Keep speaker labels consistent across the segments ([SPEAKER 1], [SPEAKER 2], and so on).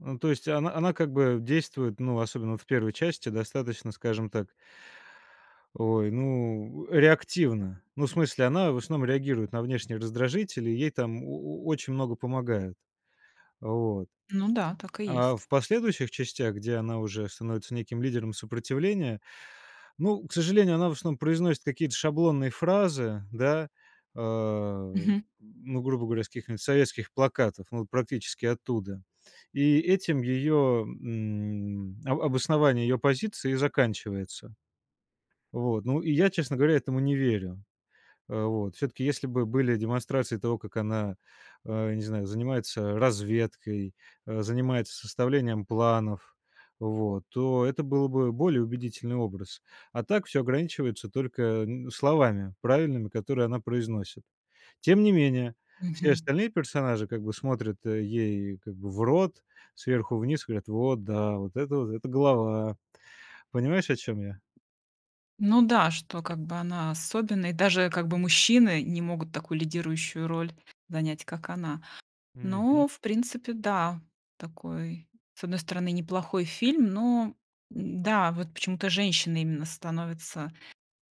[SPEAKER 1] Ну, то есть и она она как бы действует, ну, особенно вот в 1-й части, достаточно, скажем так ой, ну, э, реактивно. Ну, в смысле, она в основном реагирует на внешние раздражители, ей там о о очень много помогают. Вот.
[SPEAKER 2] Ну да, так и
[SPEAKER 1] А
[SPEAKER 2] есть.
[SPEAKER 1] в последующих частях, где она уже становится неким лидером сопротивления, ну, к сожалению, она в основном произносит какие-то шаблонные фразы. Да? Э,
[SPEAKER 2] Мгм.
[SPEAKER 1] ну, грубо говоря, с каких-нибудь советских плакатов, ну вот практически оттуда. И этим ее, м об обоснование ее позиции и заканчивается. Вот, ну, и я, честно говоря, этому не верю. Э, вот, всё-таки, если бы были демонстрации того, как она, а, не знаю, занимается разведкой, э, занимается составлением планов, вот то это было бы более убедительный образ. А так всё ограничивается только н словами правильными, которые она произносит. Тем не менее, все
[SPEAKER 2] Мгм.
[SPEAKER 1] остальные персонажи как бы смотрят, э, ей как бы в рот, сверху вниз, говорят: "Вот да, вот это вот, это голова". Понимаешь, о чём я?
[SPEAKER 2] Ну да, что как бы она особенная, и даже как бы мужчины не могут такую лидирующую роль занять, как она.
[SPEAKER 1] Мгм.
[SPEAKER 2] Но в принципе, да, такой с одной стороны неплохой фильм, но, н-да, вот почему-то женщины именно становятся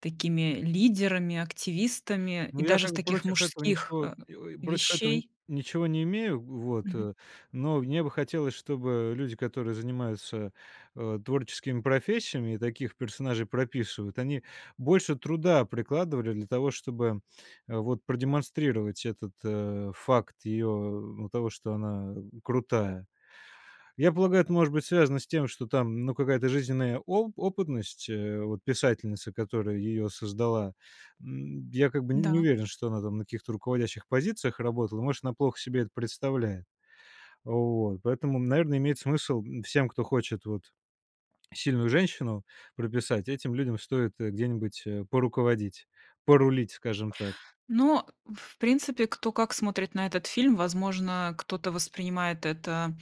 [SPEAKER 2] такими лидерами, активистами
[SPEAKER 1] Ну,
[SPEAKER 2] и
[SPEAKER 1] я
[SPEAKER 2] даже в
[SPEAKER 1] как бы
[SPEAKER 2] таких
[SPEAKER 1] против этого
[SPEAKER 2] мужских,
[SPEAKER 1] ничего
[SPEAKER 2] э,
[SPEAKER 1] и во и против этого н
[SPEAKER 2] вещей.
[SPEAKER 1] ничего не имею. Вот,
[SPEAKER 2] Мгм.
[SPEAKER 1] э. Но мне бы хотелось, чтобы люди, которые занимаются, э, творческими профессиями и таких персонажей прописывают, они больше труда прикладывали для того, чтобы, э, вот продемонстрировать этот, э, факт ее ну того, что она, э, крутая. Я полагаю, это может быть связано с тем, что там, ну, какая-то жизненная о опытность, э, вот писательницы, которая ее создала, м, я как бы н не
[SPEAKER 2] Да.
[SPEAKER 1] уверен, что она там на каких-то руководящих позициях работала. Может, она плохо себе это представляет. Вот. Поэтому, наверное, имеет смысл, м, всем, кто хочет вот сильную женщину прописать, этим людям стоит, э, где-нибудь, э, поруководить, порулить, скажем так.
[SPEAKER 2] Ну, э, в принципе, кто как смотрит на этот фильм. Возможно, кто-то воспринимает это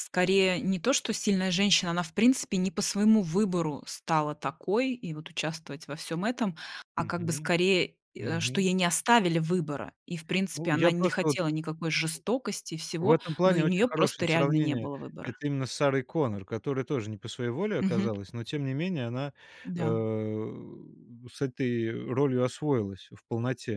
[SPEAKER 2] Скорее не то, что сильная женщина- она в принципе не по своему выбору стала такой и вот участвовать во всём этом,- а как бы
[SPEAKER 1] Мгм.
[SPEAKER 2] скорее, э, что
[SPEAKER 1] Мгм.
[SPEAKER 2] ей не оставили выбора. И в принципе
[SPEAKER 1] Ну я
[SPEAKER 2] она не
[SPEAKER 1] просто вот.
[SPEAKER 2] хотела никакой жестокости и
[SPEAKER 1] В
[SPEAKER 2] всего.
[SPEAKER 1] этом
[SPEAKER 2] Но у
[SPEAKER 1] плане
[SPEAKER 2] нее
[SPEAKER 1] очень
[SPEAKER 2] просто
[SPEAKER 1] хорошее
[SPEAKER 2] реально не
[SPEAKER 1] сравнение.
[SPEAKER 2] было выбора.
[SPEAKER 1] Это именно с Сарой Коннор, которая тоже не по своей воле
[SPEAKER 2] Мгм.
[SPEAKER 1] оказалась, но, тем не менее, она, э,
[SPEAKER 2] Да.
[SPEAKER 1] с этой ролью освоилась в полноте.